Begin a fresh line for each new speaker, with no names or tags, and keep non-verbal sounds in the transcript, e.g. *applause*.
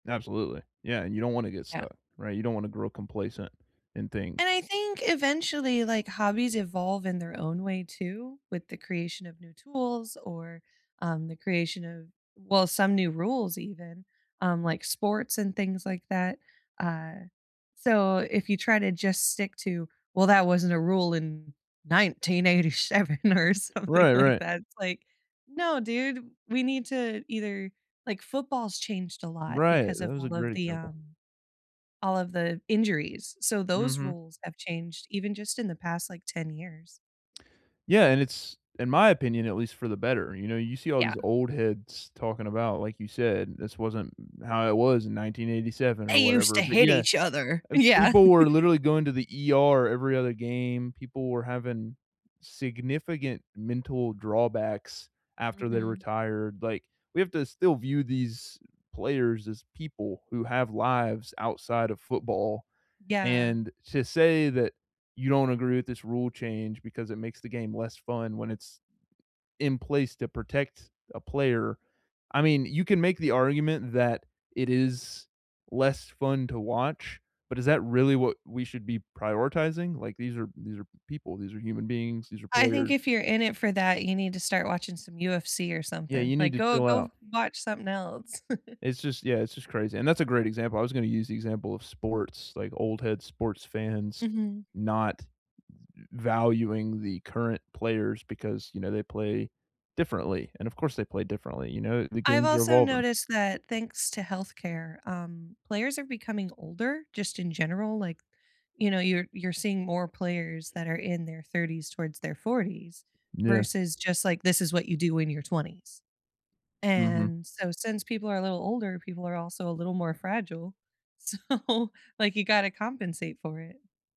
Absolutely, yeah, and you don't wanna get
Yeah.
stuck, right? You don't wanna grow complacent and think
And I think, eventually, like, hobbies evolve in their own way, too, with the creation of new tools or, um, the creation of well, some new rules even, um, like sports and things like that, uh, so if you try to just stick to, "Well, that wasn't a rule in 1987," or something
Right,
like
right.
that. It's like, "No, dude, we need to either" Like, football's changed a lot
Right,
because
that
of
was a
all of
great
the,
example.
um all of the injuries, so those
Mhm.
rules have changed, even just in the past, like, 10 years.
Yeah, and it's, in my opinion, at least for the better, you know, you see all
Yeah.
these old heads talking about, like you said, "This wasn't how it was in 1987,"
"They
or
used
whatever,
to
but
hit
yeah,
each other."
and
Yeah. *laughs*
people were literally going to the ER every other game, people were having significant mental drawbacks after they
Mhm.
retired, like, we have to still view these players as people who have lives outside of football,
Yeah.
and to say that you don't agree with this rule change because it makes the game less fun when it's in place to protect a player, I mean, you can make the argument that it is less fun to watch, but is that really what we should be prioritizing? Like, these are these are people, these are human beings, these are
I think
players
if you're in it for that, you need to start watching some UFC or
Yeah,
something,
you need
like,
to
go
chill
go f
out.
watch something else. *chuckles*
It's just Yeah, it's just crazy, and that's a great example, I was gonna use the example of sports, like old-head sports fans
Mhm.
not v valuing the current players because, you know, they play differently, and, of course, they play differently, you know? The
I've
games are
also
evolving.
noticed that- thanks to health care- um, players are becoming older, just in general, like, you know, you're you're seeing more players that are in their 30s towards their 40s,
Yeah.
versus just, like, "This is what you do in your 20s."
Mhm.
And so since people are a little older, people are also a little more fragile, so, like, you gotta compensate for it.